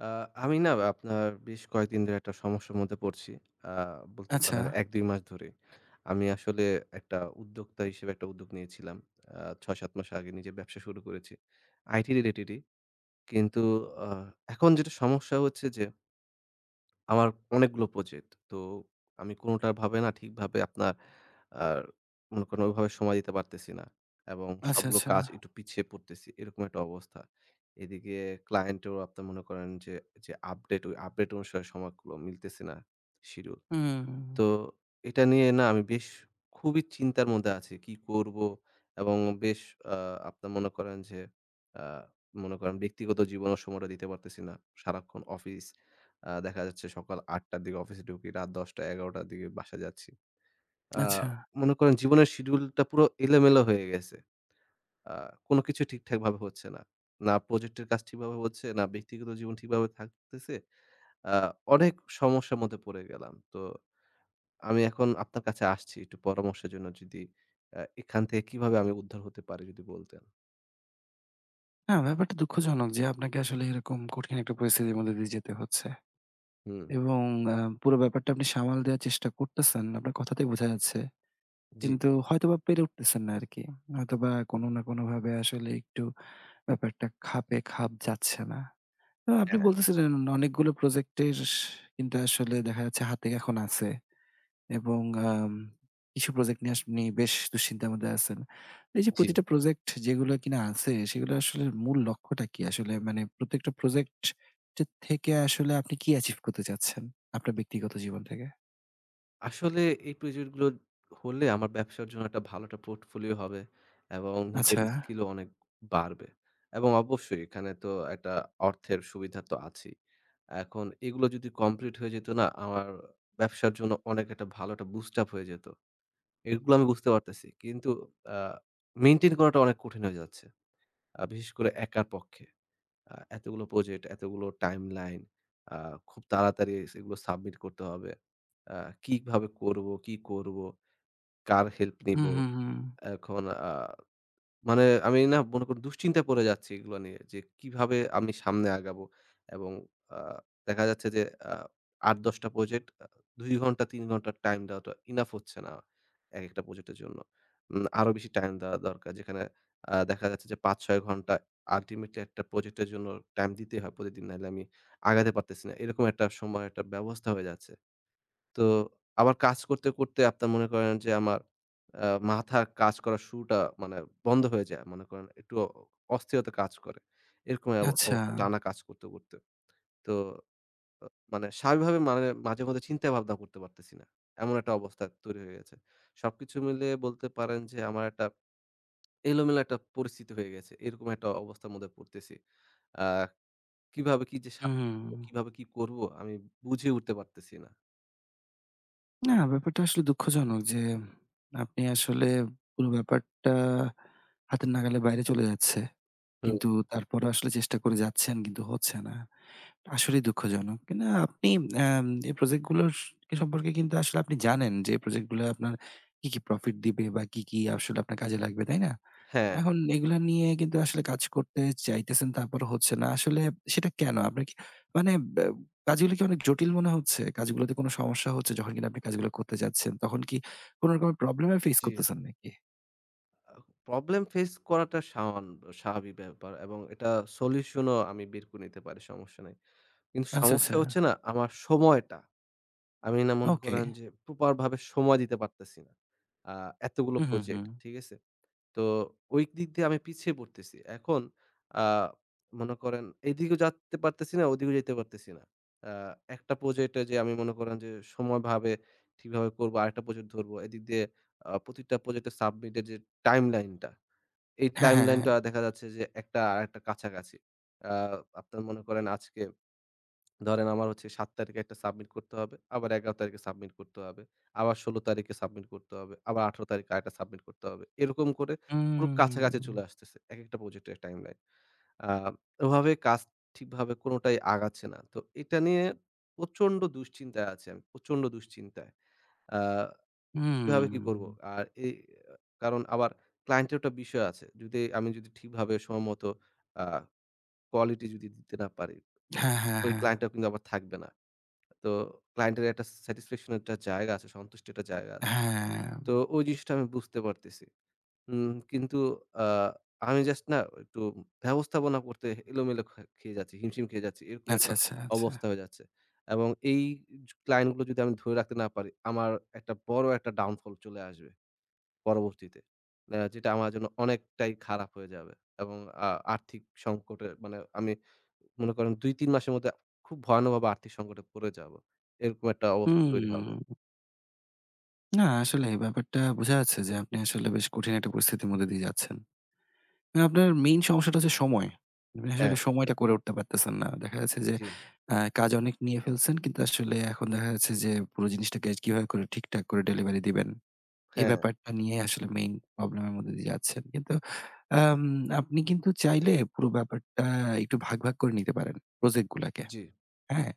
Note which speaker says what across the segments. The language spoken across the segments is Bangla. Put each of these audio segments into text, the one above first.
Speaker 1: আ আমি না আপনার বেশ কয়েকদিন ধরে একটা সমস্যার মধ্যে পড়ছি। আ বলতে
Speaker 2: আচ্ছা।
Speaker 1: পারেন ১, ২ মাস ধরে। আমি আসলে একটা উদ্যোক্তা হিসেবে একটা উদ্যোগ নিয়েছিলাম। আ ৬, ৭ মাস আগে নিজে ব্যবসা শুরু করেছি। IT related ই। কিন্তু আ এখন যেটা সমস্যা হচ্ছে যে আমার অনেকগুলো project। তো আমি কোনোটাই ভাবে না ঠিকভাবে আপনার আর মনে করেন ওভাবে সময় দিতে পারতেছি না এবং
Speaker 2: আচ্ছা,
Speaker 1: সবগুলো
Speaker 2: আচ্ছা।
Speaker 1: কাজ একটু পিছিয়ে পড়তেছি, এরকম একটা অবস্থা। এদিকে client এও আপনার মনে করেন যে যে update, ওই update অনুসারে সময়গুলো মিলতেছে না schedule।
Speaker 2: হুম।
Speaker 1: তো এটা নিয়ে না আমি বেশ খুবই চিন্তার মধ্যে আছি কী করবো এবং বেশ আ আপনার মনে করেন যে আ মনে করেন ব্যক্তিগত জীবনেও সময়টা দিতে পারতেছি না। সারাক্ষণ অফিস। আ দেখা যাচ্ছে সকাল ০৮ঃ০০ র দিকে অফিসে ঢুকি, রাত ১০ঃ০০, ১১ঃ০০ র দিকে বাসায় যাচ্ছি। আ
Speaker 2: আচ্ছা।
Speaker 1: মনে করেন জীবনের schedule টা পুরো এলোমেলো হয়ে গেছে। আ কোনো কিছু ঠিকঠাকভাবে হচ্ছে না। না project এর কাজ ঠিকভাবে হচ্ছে, না ব্যক্তিগত জীবন ঠিকভাবে থাকতেছে। আ অনেক সমস্যার মধ্যে পড়ে গেলাম। তো আমি এখন আপনার কাছে আসছি একটু পরামর্শের জন্য। যদি আ এখান থেকে কিভাবে আমি উদ্ধার হতে পারি? যদি বলতেন।
Speaker 2: হ্যাঁ, ব্যাপারটা দুঃখজনক যে আপনাকে আসলে এরকম কঠিন একটা পরিস্থিতির মধ্য দিয়ে যেতে হচ্ছে।
Speaker 1: হুম।
Speaker 2: এবং এ্যা পুরো ব্যাপারটা আপনি সামাল দেয়ার চেষ্টা করতেছেন, আপনার কথাতেই বোঝা যাচ্ছে।
Speaker 1: জি।
Speaker 2: কিন্তু হয়তোবা পেরে উঠতেছেন না আর কি। হয়তোবা কোন না কোনভাবে আসলে একটু ব্যাপারটা খাপে, খাপ যাচ্ছে না। আ আপনি
Speaker 1: হ্যাঁ।
Speaker 2: বলতেছিলেন অনেকগুলো প্রজেক্টের স কিন্তু আসলে দেখা যাচ্ছে হাতে এখন আছে। এবং এাম কিছু প্রজেক্ট নিয়ে আপনি বেশ দুশ্চিন্তার মধ্যে আছেন। এই যে
Speaker 1: জি।
Speaker 2: প্রতিটা প্রজেক্ট যেগুলো কিনা আছে। সেগুলো আসলে মূল লক্ষ্যটা কি? আসলে মানে প্রত্যেকটা প্রজেক্ট টের থেকে আসলে আপনি কি achieve করতে চাচ্ছেন আপনার ব্যক্তিগত জীবন থেকে?
Speaker 1: আসলে এই প্রজেক্ট গুলো হলে আমার ব্যবসার জন্য একটা ভালো একটা portfolio হবে এবং নিজের
Speaker 2: আচ্ছা।
Speaker 1: skill-ও অনেক বাড়বে এবং অবশ্যই এখানে তো একটা অর্থের সুবিধা তো আছেই। এখন এগুলো যদি complete হয়ে যেত না আমার ব্যবসার জন্য অনেক একটা ভালো একটা boost up হয়ে যেত। এগুলো আমি বুঝতে পারতেছি কিন্তু আ maintain করাটা অনেক কঠিন হয়ে যাচ্ছে। আ বিশেষ করে একার পক্ষে। আ এতগুলো project, এতগুলো timeline, আ খুব তাড়াতাড়ি সেগুলো submit করতে হবে। আ কিভাবে করব? কী করব? কার help নেব?
Speaker 2: হুম, হু, হু।
Speaker 1: এখন আ মানে আমি না মনে করেন দুশ্চিন্তায় পড়ে যাচ্ছি এগুলো নিয়ে যে কিভাবে আমি সামনে আগাব? এবং আ দেখা যাচ্ছে যে ৮, ১০ টা project ২ ঘণ্টা ৩ ঘণ্টার time দেওয়াটা enough হচ্ছে না একেকটা project এর জন্য। উম আরও বেশি time দেওয়া দরকার যেখানে আ দেখা যাচ্ছে যে ৫, ৬ ঘণ্টা ultimately একটা project-এর জন্য time দিতে হয় প্রতিদিন। নাইলে আমি আগাতে পারতেছি না। এরকম একটা সময়ের একটা ব্যবস্থা হয়ে যাচ্ছে। তো আবার কাজ করতে, করতে, আপনার মনে করেন যে আমার, আ মাথার কাজ করার শুরুটা মানে বন্ধ হয়ে যায়। মনে করেন একটু অ অস্থিরতা কাজ করে। এরকম এ্যাব
Speaker 2: আচ্ছা।
Speaker 1: অবস্থায় টানা কাজ করতে, করতে। তো আ মানে স্বাভাবিকভাবে মানে মাঝেমধ্যে চিন্তা ভাবনা করতে পারতেছি না। এমন একটা অবস্থা তৈরি হয়ে গেছে। সবকিছু মিলিয়ে বলতে পারেন যে, আমার একটা এলোমেলো একটা পরিস্থিতি হয়ে গেছে। এরকম একটা অবস্থার মধ্যে পড়তেছি। আ কিভাবে কি যে সা
Speaker 2: উ, হুম।
Speaker 1: কিভাবে কি করব আমি বুঝে উঠতে পারতেছি না।
Speaker 2: না, ব্যাপারটা আসলে দুঃখজনক যে আপনি আসলে পুরো ব্যাপারটা হাতের নাগালে বাইরে চলে যাচ্ছে।
Speaker 1: হুম।
Speaker 2: কিন্তু তারপরও আসলে চেষ্টা করে যাচ্ছেন কিন্তু হচ্ছে না। আসলেই দুঃখজনক। কিনা আপনি এই প্রজেক্টগুলো স সম্পর্কে কিন্তু আসলে আপনি জানেন যে প্রজেক্টগুলো আপনার কি, কি profit দিবে বা কি, কি আসলে আপনার কাজে লাগবে, তাই না?
Speaker 1: হ্যাঁ।
Speaker 2: এখন এগুলা নিয়ে কিন্তু আসলে কাজ করতে চাইতেছেন তারপরও হচ্ছে না। আসলে সেটা কেন? আপনার কি মানে ব্যা কাজগুলো কি অনেক জটিল মনে হচ্ছে? কাজগুলোতে কোন সমস্যা হচ্ছে? যখন কিনা আপনি কাজগুলো করতে যাচ্ছেন তখন কি কোন রকমের প্রব্লেমের face
Speaker 1: জি।
Speaker 2: করতেছেন নাকি?
Speaker 1: আ Problem face করাটা সামান্য স্বাভাবিক ব্যাপার এবং এটার solution-ও আমি বের করে নিতে পারি সমস্যা নাই। কিন্তু
Speaker 2: আচ্ছা,
Speaker 1: সমস্যা
Speaker 2: আচ্ছা।
Speaker 1: হচ্ছে না আমার সময়টা। আমি না মনে
Speaker 2: ওকে।
Speaker 1: করেন যে proper ভাবে সময় দিতে পারতেছি না। আ এতগুলো
Speaker 2: উ হু,
Speaker 1: প্রজেক্ট,
Speaker 2: হু।
Speaker 1: ঠিক আছে? তো ওই দিক দিয়ে আমি পিছিয়ে পড়তেছি। এখন আ মনে করেন এই দিকেও যেতে পারতেছি না, ওই দিকেও যেতে পারতেছি না। আ একটা প্রজেক্টে যে আমি মনে করেন যে সময়ভাবে ঠিকভাবে করবো, আরেকটা প্রজেক্ট ধরবো, এদিক দিয়ে আ প্রতিটা প্রজেক্টের submit এর যে timeline টা, এই
Speaker 2: হ্যা, হ্যা, হ্যা,
Speaker 1: timeline
Speaker 2: হ্যা।
Speaker 1: টা দেখা যাচ্ছে যে একটা আরেকটার কাছাকাছি। আ আপনার মনে করেন আজকে ধরেন আমার হচ্ছে ৭ তারিখে একটা submit করতে হবে, আবার ১১ তারিখে submit করতে হবে, আবার ১৬ তারিখে submit করতে হবে, আবার ১৮ তারিখে আরেকটা submit করতে হবে। এরকম করে পুরো কাছাকাছি চলে
Speaker 2: উম।
Speaker 1: আসতেছে একেকটা প্রজেক্টের timeline। আ ওভাবে কাজ ঠিকভাবে কোনটাই আগাচ্ছে না। তো এটা নিয়ে প্রচণ্ড দুশ্চিন্তায় আছি আমি। প্রচণ্ড দুশ্চিন্তায়। আ কিভাবে কি করবো?
Speaker 2: উম।
Speaker 1: আর এই আ কারণ আবার client এরও একটা বিষয় আছে। যদি আমি যদি ঠিকভাবে সময়মতো আ quality যদি দিতে না পারি ও
Speaker 2: হ্যা, হ্যা,
Speaker 1: ওই
Speaker 2: হ্যা।
Speaker 1: client ও কিন্তু আবার থাকবে না। তো client এর একটা satisfaction এর একটা জায়গা আছে, সন্তুষ্টি একটা জায়গা আছে।
Speaker 2: হ্যা।
Speaker 1: তো ওই জিনিসটা আমি বুঝতে পারতেছি। উম কিন্তু আ আমি জাস্ট না একটু ব্যবস্থাপনা করতে এলোমেলো খে খেয়ে যাচ্ছি, হিমশিম খেয়ে যাচ্ছি, এরকম
Speaker 2: আচ্ছা,
Speaker 1: একটা
Speaker 2: আচ্ছা, আচ্ছা।
Speaker 1: অবস্থা হয়ে যাচ্ছে এবং এই জ client গুলো যদি আমি ধরে রাখতে না পারি আমার একটা বড় একটা downfall চলে আসবে পরবর্তীতে। এ যেটা আমার জন্য অনেকটাই খারাপ হয়ে যাবে এবং আ আর্থিক সংকটে মানে আমি মনে করেন ২, ৩ মাসের মধ্যে খুব ভয়ানকভাবে আর্থিক সংকটে পড়ে যাব। এরকম একটা অবস্থা তৈরি হবে।
Speaker 2: উম। না, আসলে ব্যাপারটা বোঝা যাচ্ছে যে আপনি আসলে বেশ কঠিন একটা পরিস্থিতির মধ্য দিয়ে যাচ্ছেন। এ আপনার main সমস্যাটা হচ্ছে সময়। আপনি আসলে
Speaker 1: হ্যাঁ।
Speaker 2: সময়টা করে উঠতে পারতেছেন না। দেখা যাচ্ছে যে
Speaker 1: জি।
Speaker 2: আ কাজ অনেক নিয়ে ফেলছেন কিন্তু আসলে এখন দেখা যাচ্ছে যে, পুরো জিনিসটাকে কিভাবে করে ঠিকঠাক করে delivery দিবেন এই
Speaker 1: হ্যাঁ।
Speaker 2: ব্যাপারটা নিয়ে আসলে main problem এর মধ্য দিয়ে যাচ্ছেন। কিন্তু আম আপনি কিন্তু চাইলে পুরো ব্যাপারটা একটু ভাগ, ভাগ করে নিতে পারেন প্রজেক্টগুলাকে।
Speaker 1: জি।
Speaker 2: হ্যাঁ?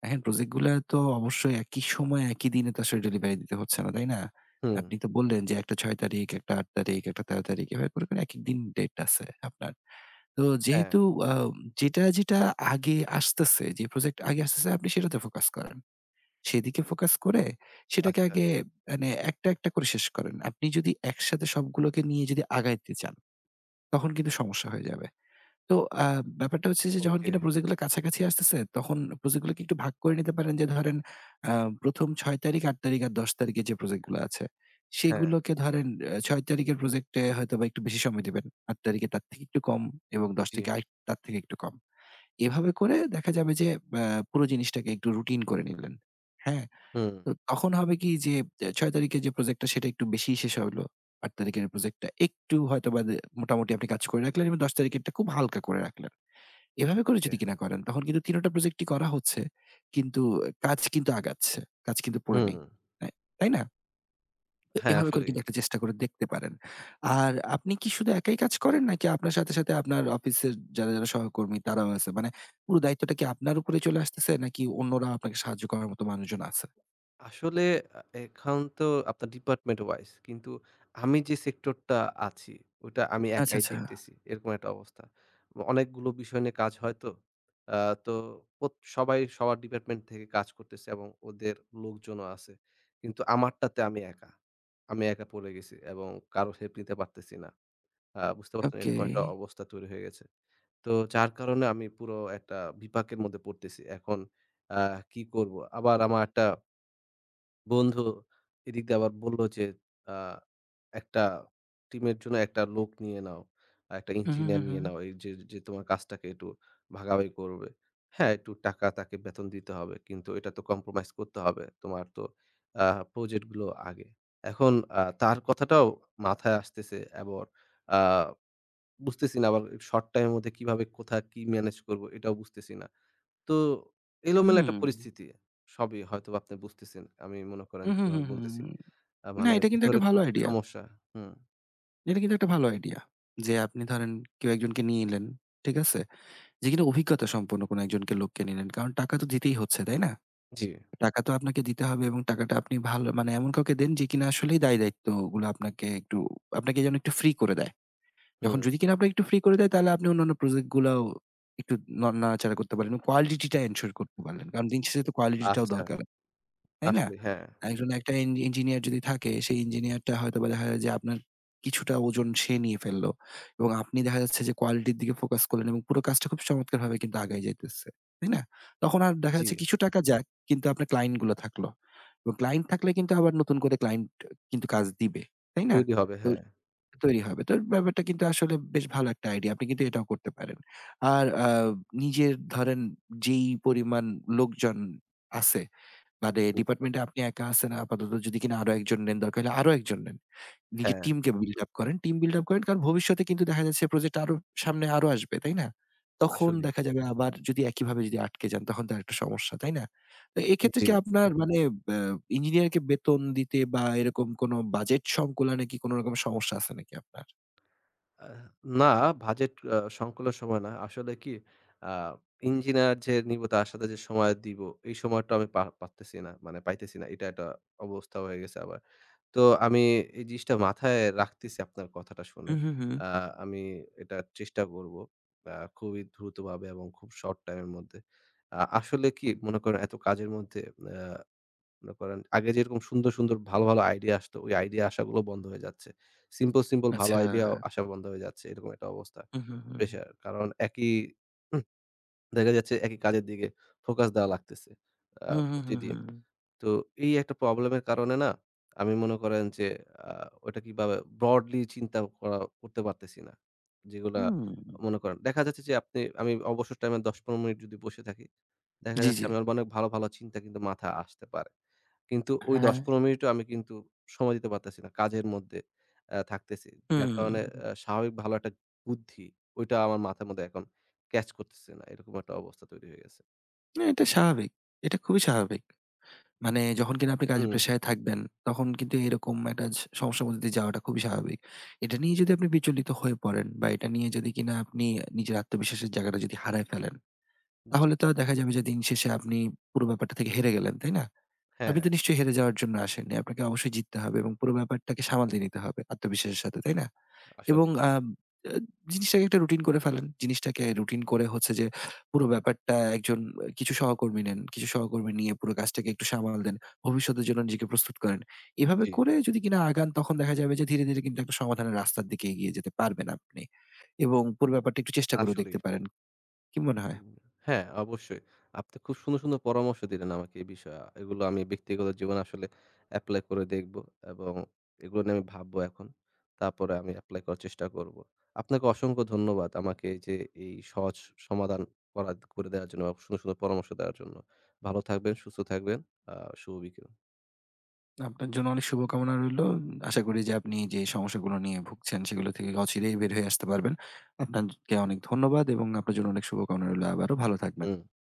Speaker 2: দেখেন project গুলা তো অবশ্যই একই সময়ে একই দিনে তো আসলে delivery দিতে হচ্ছে না, তাই না?
Speaker 1: হুম।
Speaker 2: আপনি তো বললেন যে একটা ৬ তারিখ, একটা ৮ তারিখ, একটা ১৩ তারিখ এভাবে করে, করে একেকদিন date আছে আপনার। তো
Speaker 1: হ্যাঁ।
Speaker 2: যেহেতু আ যেটা, যেটা আগে আসতেছে, যে project আগে আসতেছে আপনি সেটাতে focus করেন। সেদিকে focus করে সেটাকে
Speaker 1: আচ্ছা।
Speaker 2: আগে মানে একটা, একটা করে শেষ করেন। আপনি যদি একসাথে সবগুলোকে নিয়ে যদি আগাইতে চান, তখন কিন্তু সমস্যা হয়ে যাবে। তো আ ব্যাপারটা হচ্ছে যে যখন কিনা
Speaker 1: ওকে।
Speaker 2: project গুলা কাছাকাছি আসতেছে তখন project গুলোকে একটু ভাগ করে নিতে পারেন। যে ধরেন আ ১ম ৬ তারিখ, ৮ তারিখ আর ১০ তারিখে যে project গুলা আছে
Speaker 1: হ্যাঁ।
Speaker 2: সেগুলোকে ধরেন এ ৬ তারিখের project এ হয়তোবা একটু বেশি সময় দিবেন, ৮ তারিখের তার থেকে একটু কম এবং ১০
Speaker 1: জি।
Speaker 2: তারিখের আর তার থেকে একটু কম। এভাবে করে দেখা যাবে যে এ্যা পুরো জিনিসটাকে একটু routine করে নিলেন। হ্যাঁ,
Speaker 1: হুম।
Speaker 2: তো তখন হবে কি যে এ ৬ তারিখে যে project সেটা একটু বেশিই শেষ হলো। ৮ তারিখের project টা একটু হয়তোবা দে মোটামুটি আপনি কাজ করে রাখলেন এবং ১০ তারিখেরটা খুব হালকা করে রাখলেন। এভাবে করে
Speaker 1: ওকে।
Speaker 2: যদি কিনা করেন তখন কিন্তু ৩ ওটা project ই করা হচ্ছে। কিন্তু কাজ কিন্তু আগাচ্ছে, কাজ কিন্তু পড়ে
Speaker 1: হুম।
Speaker 2: নেই। রা তাই না? তো
Speaker 1: হ্যাঁ,
Speaker 2: এভাবে করে
Speaker 1: আসলেই।
Speaker 2: কিন্তু একটা চেষ্টা করে দেখতে পারেন। আর আপনি কি শুধু একাই কাজ করেন নাকি আপনার সাথে, সাথে আপনার অফিসের যারা, যারা সহকর্মী তারাও আছে? মানে পুরো দায়িত্বটা কি আপনার উপরেই চলে আসতেছে নাকি অন্যরা আপনাকে সাহায্য করার মতো মানুষজন আছে?
Speaker 1: আসলে আ এ এখন তো আপনার department wise কিন্তু আমি যে sector টা আছি ওটা আমি
Speaker 2: আচ্ছা,
Speaker 1: একাই
Speaker 2: আচ্ছা।
Speaker 1: দেখতেছি, এরকম একটা অবস্থা। অনেকগুলো বিষয় নিয়ে কাজ হয় তো, আ তো অত সবাই সবার department থেকে কাজ করতেছে এবং ওদের লোকজনও আছে। কিন্তু আমারটাতে আমি একা, আমি একা পড়ে গেছি এবং কারো help নিতে পারতেছি না। আ বুঝতে পারছেন?
Speaker 2: ওকে।
Speaker 1: এরকম একটা অবস্থা তৈরি হয়ে গেছে। তো যার কারণে আমি পুরো একটা বিপাকের মধ্যে পড়তেছি। এখন আ কি করব? আবার আমার একটা বন্ধু এদিক দিয়ে আবার বলল যে, আ "একটা team এর জন্য একটা লোক নিয়ে নাও, একটা
Speaker 2: উ হু, হু,
Speaker 1: engineer নিয়ে
Speaker 2: হু।
Speaker 1: নাও। এইযে যে, তোমার কাজটাকে একটু ভাগাভাগি করবে। হ্যাঁ, একটু টাকা তাকে বেতন দিতে হবে কিন্তু এটা তো compromise করতে হবে। তোমার তো আ project গুলো আগে।" এখন আ তার কথাটাও মাথায় আসতেছে এবং আ বুঝতেছি না আবার short time এর মধ্যে কিভাবে কোথায় কি manage করব এটাও বুঝতেছি না। তো এলোমেলো একটা
Speaker 2: হুম।
Speaker 1: পরিস্থিতি। সবই হয়তোবা আপনি বুঝতেছেন। আমি মনে করেন
Speaker 2: উ হু, হু,
Speaker 1: যেভাবে
Speaker 2: হু।
Speaker 1: বলতেছি, আ
Speaker 2: না,
Speaker 1: মানে
Speaker 2: এটা কিন্তু
Speaker 1: ভেতরে
Speaker 2: একটা ভালো
Speaker 1: খুব
Speaker 2: idea।
Speaker 1: সমস্যা হুম।
Speaker 2: না, এটা কিন্তু একটা ভালো idea। যে আপনি ধরেন কেউ একজনকে নিলেন, ঠিক আছে? যে কিনা অভিজ্ঞতা সম্পন্ন কোন একজনকে লোককে নিলেন। কারণ টাকা তো দিতেই হচ্ছে, তাই না?
Speaker 1: জি।
Speaker 2: টাকা তো আপনাকে দিতে হবে এবং টাকাটা আপনি ভালো মানে এমন কাউকে দেন যে কিনা আসলেই দায়-দায়িত্বগুলো আপনাকে একটু আপনাকে যেন একটু free করে দেয়। যখন
Speaker 1: হুম।
Speaker 2: যদি কিনা আপনাকে একটু free করে দেয় তাহলে আপনি অন্যান্য project গুলাও একটু ন নাড়াচাড়া করতে পারেন এবং quality টা ensure করতে পারলেন। কারণ দিন শেষে তো quality টাও
Speaker 1: আচ্ছা।
Speaker 2: দরকার, তাই না?
Speaker 1: আসলেই, হ্যাঁ।
Speaker 2: একজন একটা ইন engineer যদি থাকে সেই engineer টা হয়তোবা দেখা যায় যে আপনার কিছুটা ওজন সে নিয়ে ফেললো এবং আপনি দেখা যাচ্ছে যে quality র দিকে focus করলেন এবং পুরো কাজটা খুব চমৎকারভাবে কিন্তু আগাই যাইতেছে, তাই না? তখন আর দেখা যাচ্ছে
Speaker 1: জি।
Speaker 2: কিছু টাকা যাক কিন্তু আপনার client গুলো থাকলো এবং client থাকলে কিন্তু আবার নতুন করে client আ কিন্তু কাজ দিবে, তাই না?
Speaker 1: তৈরি হবে,
Speaker 2: তো
Speaker 1: হ্যাঁ।
Speaker 2: তৈরি হবে। তো ব্যাপারটা কিন্তু আসলে বেশ ভালো একটা idea। আপনি কিন্তু এটাও করতে পারেন। আর আ নিজের ধরেন উ যেই পরিমাণ উ লোকজন আছে তাদের
Speaker 1: হু।
Speaker 2: department এ আপনি একা আছেন আপাতত যদি কিনা আরও একজন নেন, দরকার হলে আরও একজন নেন। নিজের
Speaker 1: হ্যাঁ।
Speaker 2: team কে build up করেন। Team build up করেন কারণ ভবিষ্যতে কিন্তু দেখা যাচ্ছে project আরো সামনে আরো আসবে, তাই না? তখন
Speaker 1: আসলেই।
Speaker 2: দেখা যাবে আবার যদি একইভাবে যদি আটকে যান তখন তো আরেকটা সমস্যা, তাই না? তো
Speaker 1: উ
Speaker 2: এক্ষেত্রে কি
Speaker 1: জি।
Speaker 2: আপনার মানে বা engineer কে বেতন দিতে বা এরকম কোন budget সংকুলানে কি কোন রকম সমস্যা আছে নাকি আপনার?
Speaker 1: আ না, budget এ্যা সংকুলান সময় না। আসলে কি আ engineer যে নিব তার সাথে যে সময় দিব এই সময়টা আমি পার পারতেছি না, মানে পাইতেছি না। এটা একটা অবস্থা হয়ে গেছে আবার। তো আমি এই জিনিসটা মাথায় রাখতেছি আপনার কথাটা
Speaker 2: উ
Speaker 1: শুনে।
Speaker 2: হু, হু, হু।
Speaker 1: আ আমি এটা চেষ্টা করব আ খুবই দ্রুতভাবে এবং খুব short time এর মধ্যে। আ আসলে কি মনে করেন এত কাজের মধ্যে, এ্যা মনে করেন আগে যেরকম সুন্দর, সুন্দর ভালো, ভালো idea আসত, ওই idea আসাগুলো বন্ধ হয়ে যাচ্ছে। Simple, simple ভালো
Speaker 2: আচ্ছা।
Speaker 1: idea আসা বন্ধ হয়ে যাচ্ছে, এরকম একটা অবস্থা।
Speaker 2: উ হু, হু।
Speaker 1: Pressure কারণ একই হু, দেখা যাচ্ছে একই কাজের দিকে focus দেওয়া লাগতেছে আ
Speaker 2: হু, হু, হু, হু,
Speaker 1: প্রতিদিন।
Speaker 2: হু।
Speaker 1: তো এই একটা problem এর কারণে না আমি মনে করেন যে, আ ওইটা কিভাবে broadly চিন্তা করা করতে পারতেছি না। যেগুলা
Speaker 2: হু।
Speaker 1: মনে করেন, দেখা যাচ্ছে যে আপনি আমি অবসর time এ ১০-১৫ মিনিট যদি বসে থাকি, দেখা
Speaker 2: জি,
Speaker 1: যাচ্ছে
Speaker 2: জি।
Speaker 1: আমার অনেক ভালো, ভালো চিন্তা কিন্তু মাথায় আসতে পারে। কিন্তু ওই
Speaker 2: হ্যাঁ।
Speaker 1: ১০-১৫ মিনিটও আমি কিন্তু সময় দিতে পারতেছি না। কাজের মধ্যে এ্যা থাকতেছি।
Speaker 2: হু,
Speaker 1: যার কারণে
Speaker 2: হু।
Speaker 1: এ্যা স্বাভাবিক ভালো একটা বুদ্ধি, ওইটা আমার মাথার মধ্যে এখন catch করতেছে না। এরকম একটা অবস্থা তৈরি হয়ে গেছে।
Speaker 2: না, এটা স্বাভাবিক। এটা খুবই স্বাভাবিক। মানে যখন কিনা আপনি কাজের
Speaker 1: হুম।
Speaker 2: প্রেসারে থাকবেন, তখন কিন্তু এরকম একটা স সমস্যার মধ্য দিয়ে যাওয়াটা খুবই স্বাভাবিক। এটা নিয়ে যদি আপনি বিচলিত হয়ে পড়েন বা এটা নিয়ে যদি কিনা আপনি নিজের আত্মবিশ্বাসের জায়গাটা যদি হারায় ফেলেন,
Speaker 1: জি।
Speaker 2: তাহলে তো দেখা যাবে যে দিনশেষে আপনি পুরো ব্যাপারটা থেকে হেরে গেলেন, তাই না? আপনি তো
Speaker 1: হ্যাঁ।
Speaker 2: নিশ্চয়ই হেরে যাওয়ার জন্য আসেননি। আপনাকে অবশ্যই জিততে হবে এবং পুরো ব্যাপারটাকে সামলে নিতে হবে আত্মবিশ্বাসের সাথে, তাই না? এবং
Speaker 1: আসলেই।
Speaker 2: আ জ জিনিসটাকে একটা routine করে ফেলেন। জিনিসটাকে routine করে হচ্ছে যে পুরো ব্যাপারটা একজন কিছু সহকর্মী নেন। কিছু সহকর্মী নিয়ে পুরো কাজটাকে একটু সামাল দেন। ভবিষ্যতের জন্য নিজেকে প্রস্তুত করেন। এভাবে
Speaker 1: জি।
Speaker 2: করে যদি কিনা আগান তখন দেখা যাবে যে ধীরে, ধীরে কিন্তু একটা সমাধানের রাস্তার দিকে এগিয়ে যেতে পারবেন আপনি এবং পুরো ব্যাপারটা একটু চেষ্টা করেও দেখতে
Speaker 1: আসলেই।
Speaker 2: পারেন। কি মনে হয়?
Speaker 1: উ হ্যাঁ, অবশ্যই। আপনি খুব সুন্দর, সুন্দর পরামর্শ দিলেন আমাকে এই বিষয়ে। এগুলো আমি ব্যক্তিগত জীবনে আসলে apply করে দেখব এবং এগুলো নিয়ে আমি ভাবব এখন। তারপরে আমি apply করার চেষ্টা করব। আপনাকে অসংখ্য ধন্যবাদ আমাকে যে, এই সহজ সমাধান করা করে দেওয়ার জন্য এবং সুন্দর, সুন্দর পরামর্শ দেওয়ার জন্য। ভালো থাকবেন, সুস্থ থাকবেন। আ শুভ বিকেল।
Speaker 2: আপনার জন্য অনেক শুভকামনা রইল। আশা করি যে আপনি যে, সমস্যাগুলো নিয়ে ভুগছেন সেগুলো থেকে অচিরেই বের হয়ে আসতে পারবেন। আপনাকে অনেক ধন্যবাদ এবং আপনার জন্য অনেক শুভকামনা রইল। আবারও ভালো থাকবেন।
Speaker 1: হুম।